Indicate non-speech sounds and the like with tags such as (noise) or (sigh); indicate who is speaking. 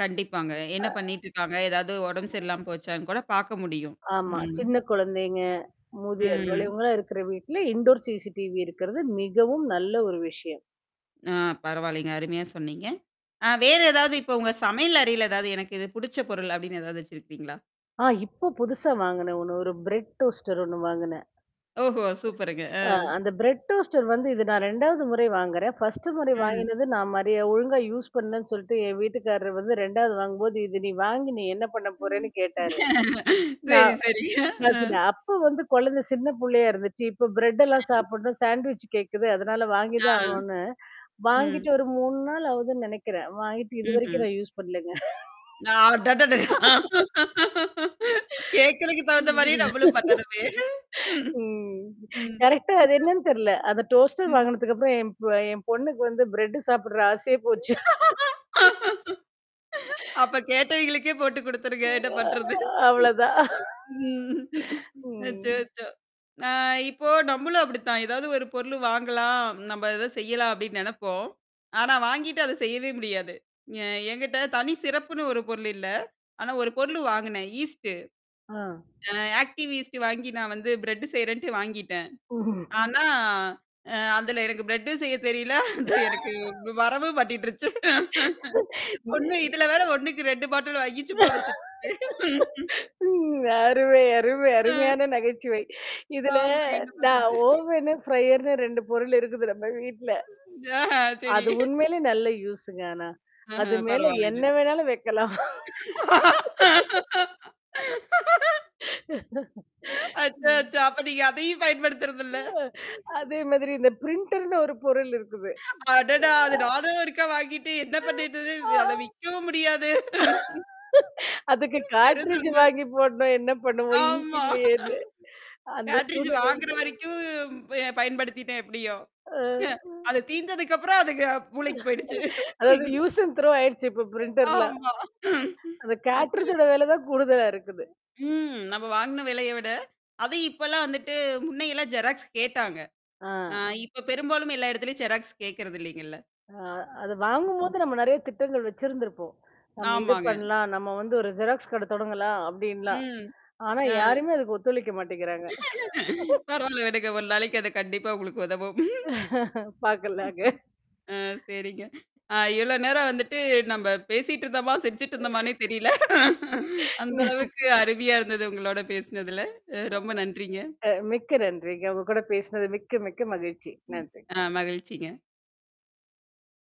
Speaker 1: கண்டிப்பாங்க.
Speaker 2: அ.
Speaker 1: என்ன பண்ணிட்டுருக்காங்க? ஏதாவது உடம்பு
Speaker 2: ஆமா.
Speaker 1: சரியில்லாம போச்சான்னு கூட பாக்க முடியும்.
Speaker 2: ஆமா,
Speaker 1: ம்.
Speaker 2: சின்ன குழந்தைங்க, மூதியோர்கள்
Speaker 1: ம்.
Speaker 2: இவங்கலாம் இருக்கிற வீட்ல இன்டோர் சிசிடிவி இருக்கிறது மிகவும் நல்ல ஒரு விஷயம்.
Speaker 1: ஆ பரவாலைங்க. அருமையா சொன்னீங்க. ஆ,
Speaker 2: ஏ, போ
Speaker 1: வேற எதாவது இப்ப, உங்க சமையல்
Speaker 2: (unintelligible)
Speaker 1: அறையில ஏதாவது, "எனக்கு இது புடிச்ச பொருள்" அப்படின்னு ஏதாவது வெச்சி இருப்பீங்களா?
Speaker 2: அ, இப்போ புதுசா வாங்குனேன். ஒண்ணு ஒரு பிரெட் டோஸ்டர் ஒண்ணு வாங்குனேன்.
Speaker 1: ஓஹோ! சூப்பருங்க. அ.
Speaker 2: அ, அந்த பிரெட் டோஸ்டர் வந்து, இது நான் 2வது முறை வாங்குறேன். 1ஸ்ட்டு முறை
Speaker 1: ம்.
Speaker 2: வாங்கினது, நான் மறைய ஒழுங்கா யூஸ் பண்லன்னு சொல்லிட்டு, என் வீட்டுக்காரர் வந்து, 2வது வாங்கும்போது, "இது நீ வாங்கி நீ என்ன பண்ண
Speaker 1: ம்.
Speaker 2: போறன்னு" கேட்டாரு.
Speaker 1: (laughs) செரி,
Speaker 2: நான்
Speaker 1: செரி.
Speaker 2: நான்
Speaker 1: அ.
Speaker 2: சொன்னே, "அப்ப வந்து குழந்த சின்ன புள்ளையா இருந்துச்சு. இப்ப பிரெட்டெல்லாம்
Speaker 1: ம்.
Speaker 2: சாப்பிடணும், சாண்ட்விச் கேட்குது. அதனால வாங்கி
Speaker 1: ஆ.
Speaker 2: தான் ஆகணும்னு."
Speaker 1: ம்.
Speaker 2: வாங்கிட்டு ஒரு 3 நாள் ஆகுதுன்னு நெனைக்கிறேன். வாங்கிட்டு இதுவரைக்கும்
Speaker 1: ம்ஹ்ம்.
Speaker 2: நான் யூஸ் பண்ணலங்க.
Speaker 1: நான் அடடடா (laughs) கேட்கறக்கு தகுந்த மாரியே நம்மளும் பண்ணனுமே.
Speaker 2: (laughs) ம்.
Speaker 1: ம்.
Speaker 2: ம்.
Speaker 1: ம்.
Speaker 2: கரெக்ட்டா அது என்னன்னு தெரில. அந்த டோஸ்டர்
Speaker 1: ம்.
Speaker 2: வாங்குனதுக் அப்பறம் என்ப் என் பொண்ணுக்கு வந்து பிரெட் சாப்படுற, ஆசையே போச்சு. (laughs)
Speaker 1: (laughs) அப்ப கேட்டவங்களுக்கே போட்டு குடுத்துருங்க. என்ன பண்றது?
Speaker 2: அ அவ்ளோதான். (laughs)
Speaker 1: ம்.
Speaker 2: ம்.
Speaker 1: அச்சோ! அச்சோ! அ, இப்போ நம்மளும் அப்படித்தான். ஏதாவது, ஒரு பொருளு வாங்கலாம், நம்ம ஏதது செய்யலாம் அப்படின்னு நெனைப்போம். ஆனா வாங்கிட்டு அத செய்யவே முடியாது. எ என்கிட்ட தனி சிறப்புன்னு ஒரு பொருள் இல்ல. ஆனா, ஒரு பொருளு வாங்குனேன். ஈஸ்ட்டு.
Speaker 2: அ.
Speaker 1: அ, ஆக்டிவ் ஈஸ்ட் வாங்கி நான் வந்து பிரட் செய்றேன்டு வாங்கிட்டேன்.
Speaker 2: ஓஹோ!
Speaker 1: ஆனா, அ, அதுல எனக்கு பிரட்டும் செய்ய தெரியல. அது எனக்கு வு
Speaker 2: (laughs)
Speaker 1: வரவும் மாட்டிடுருச்சு. (laughs) ஒண்ணு,
Speaker 2: (laughs)
Speaker 1: இதுல வேற 1க்கு 2 பாட்டில் வாங்கி சும்மா வெச்சுருக்கேன்.
Speaker 2: (laughs)
Speaker 1: (laughs)
Speaker 2: ம். அருமை, அருமை,
Speaker 1: அ.
Speaker 2: அருமையான நகைச்சுவை. இதுல
Speaker 1: ஆமாங்க என்ன
Speaker 2: நான்
Speaker 1: பண்றது?
Speaker 2: ஓவன்னு, ஃப்ரையர்னு 2 பொருள் இருக்குது நம்ம வீட்ல.
Speaker 1: அ! சரி.
Speaker 2: அது
Speaker 1: (laughs)
Speaker 2: உண்மையிலேயே, நல்ல யூஸ் -ங்க. ஆனா,
Speaker 1: அஹ,
Speaker 2: அது மேல
Speaker 1: பரவால்லங்க.
Speaker 2: என்ன வேணாலும் வைக்கலாம். (laughs)
Speaker 1: (laughs)
Speaker 2: (laughs)
Speaker 1: அச்ச!
Speaker 2: ம்.
Speaker 1: அச்சோ! அப்ப நீங்க அதையும் பயன்படுத்தறது இல்ல.
Speaker 2: ம். அதே மாதிரி, இந்த பிரிண்டர் -ன்னு ஒரு பொருள் இருக்குது.
Speaker 1: அடடா! அது
Speaker 2: அ.
Speaker 1: நானும் ஒருக்கா வாங்கிட்டு என்ன
Speaker 2: ஆ,
Speaker 1: பண்ணிறது?
Speaker 2: ஆ,
Speaker 1: அத விக்கவும் முடியாது.
Speaker 2: (laughs) அதுக்கு
Speaker 1: (laughs)
Speaker 2: காட்ரிட்ஜ்
Speaker 1: பெரிதுங்க.
Speaker 2: வாங்கி போடணும் என்ன பண்ணுவோ? இன்கு
Speaker 1: ஆமா.
Speaker 2: இல்லையேன்னு. அந்த
Speaker 1: கேட்டரிஜ் வாங்குற
Speaker 2: சூழ்நிலைல.
Speaker 1: வரைக்கும் வே பயன்படுத்திட்டேன் எப்படியோ?
Speaker 2: ஆ.
Speaker 1: அது தீந்ததுக்கு அப்புறம், அதுக மூளைக்கு போயிடுச்சு.
Speaker 2: (laughs) அதாவது
Speaker 1: (laughs)
Speaker 2: யூஸ் அண்ட் த்ரோ ஆயிடுச்சு. இப்ப பிரிண்டர் -ல.
Speaker 1: ஆமா.
Speaker 2: அந்த கேட்ரிட்ஜ்
Speaker 1: (laughs)
Speaker 2: -ஓட வேல தான் கூடுதலா இருக்குது.
Speaker 1: ம். நம்ம வாங்கின விலைய விட. அது இப்ப எல்லாம் வந்துட்டு, முன்னையெல்லாம் ஜெராக்ஸ் கேட்டாங்க.
Speaker 2: ஆ.
Speaker 1: அ, இப்ப பெரும்பாலும் எல்லா இடத்துலேயும் ஜெராக்ஸ் கேட்கறதில்லைங்கல்ல?
Speaker 2: அ, அத வாங்கும்போது
Speaker 1: ம்.
Speaker 2: நம்ம, நெறைய திட்டங்கள் வெச்சிருந்திருப்போம். நம்ம இது
Speaker 1: ஆமாங்க.
Speaker 2: பண்ணலாம். நம்ம வந்து ஒரு ஜெராக்ஸ் கடை தொடங்கலாம், அப்படின்லாம்.
Speaker 1: ம்.
Speaker 2: ஆனா,
Speaker 1: அ.
Speaker 2: யாருமே அதுக்கு ஒத்துழைக்க மாட்டேங்கிறாங்க.
Speaker 1: (laughs)
Speaker 2: (laughs)
Speaker 1: பரவால்ல, விடுங்க ஒரு நாளைக்கு அது கண்டிப்பா உங்களுக்கு உதவும். ம்.
Speaker 2: (laughs)
Speaker 1: ஆ
Speaker 2: பாக்கலாம்ங்க.
Speaker 1: சரிங்க. ஆ, இவ்ளோ நேரம் வந்துட்டு
Speaker 2: (unintelligible)
Speaker 1: நம்ம பேசிட்டு இருந்தோமா, சிரிசுட்டு இருந்தோமானே தெரியல. (laughs) அந்த
Speaker 2: (laughs) ஏ.
Speaker 1: அளவுக்கு அருவியா இருந்தது, உங்களோட பேசினதுல. அ, ரொம்ப நன்றிங்க.
Speaker 2: அ, மிக்க நன்றிங்க. உங்க கூட பேசினது மிக்க, மிக்க மகிழ்ச்சி.
Speaker 1: ம்.
Speaker 2: நன்றிங்க.
Speaker 1: ஆ, மகிழ்ச்சிங்க.